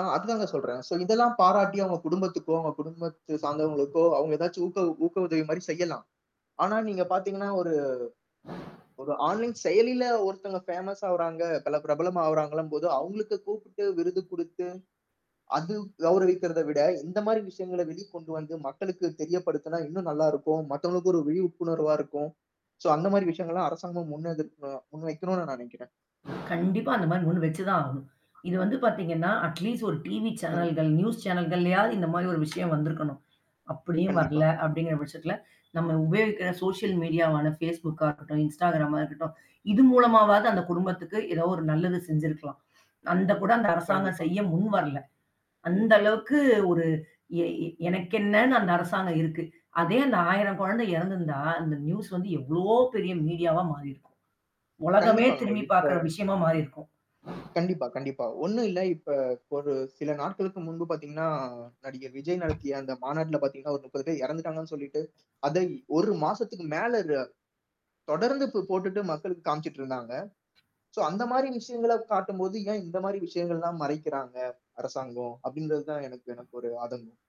அ அது தாங்க சொல்றேன். சோ, இதெல்லாம் பாராட்டி அவங்க குடும்பத்துக்கோ, அவங்க குடும்பத்த சார்ந்தவர்களுக்கோ, அவங்க ஏதாவது ஊத்த ஊக்க உதவி மாரி செய்யலாம். ஆனா, நீங்க பார்த்தீங்கனா, ஒரு ஒரு ஆன்லைன் செயலியில ஒருத்தவங்க பேமஸ் ஆகுறாங்க. பல பிரபலம் ஆகுறாங்கள்ன்னும் போது அவங்களுக்கு கூப்பிட்டு விருது குடுத்து, அது கௌரவிக்கிறதை விட இந்த மாரி விஷயங்களை வெளி கொண்டு வந்து மக்களுக்கு தெரியப்படுத்தினா, இன்னும் நல்லா இருக்கும். மத்தவங்களுக்கும் ஒரு விழிப்புணர்வா இருக்கும். சோ, அந்த மாரி விஷயங்கள் எல்லாம் அரசாங்கம் முன் எடுத்தோ முன்வைக்கனும்ன்னு நினைக்கிறேன். கண்டிப்பா அந்த மாரி முன் வைச்சுதான் ஆகணும். இது வந்து பார்த்தீங்கனா, அட் லீஸ்ட் ஒரு டிவி ம். சேனல்கள் நியூஸ் சேனல்கள்ளையாவது இந்த மாரி ஒரு விஷயம் வந்திருக்கனும். அப்டியும் கண்டிப்பா. வர்ல அப்டின்ற பட்சத்தில, நம்ம உபயோகிக்கிற சோசியல் மீடியாவான Facebookகா இருக்கட்டும், Instagramமா இருக்கட்டும். இது மூலமாவது அந்த குடும்பத்துக்கு ஏதாவது ஒரு நல்லது செஞ்ச்சிருக்கலாம். அந்த கூட அந்த அரசாங்கம் கண்டிப்பா. செய்ய முன்வரல. அந்த அளவுக்கு ஒரு எ எனக்கென்னனு அந்த அரசாங்கம் இருக்கு. அதே அந்த 1000 குழந்தை இறந்திருந்தால் அந்த நியூஸ் வந்து எவ்ளோ பெரிய மீடியாவா மாறி இருக்கும்? உலகமே கண்டிப்பாங்க. திரும்பி இப்ப பார்க்கிற விஷயமா மாறி இருக்கும். கண்டிப்பா, கண்டிப்பா. ஒண்ணும் இல்ல இப்ப ஒரு சில நாட்களுக்கு முன்பு பார்த்தீங்கனா, நடிகர் விஜய் நடத்திய அந்த மாநாட்டில பார்த்தீங்கனா ஒரு 30 பேர் இறந்துட்டாங்கனு சொல்லிட்டு, அதை 1 மாசத்துக்கு மேல அது தொடர்ந்து போ போட்டுட்டு மக்களுக்கு காமிச்சிட்டு இருந்தாங்க. சோ, அந்த மாரி விஷயங்களைக் காட்டும்போது, ஏன் இந்த மாரி விஷயங்கள் எல்லாம் மறைக்கிறாங்க அரசாங்கம்? அப்டிங்கறது தான் எனக்கு எனக்கு ஒரு ஆதங்கம்.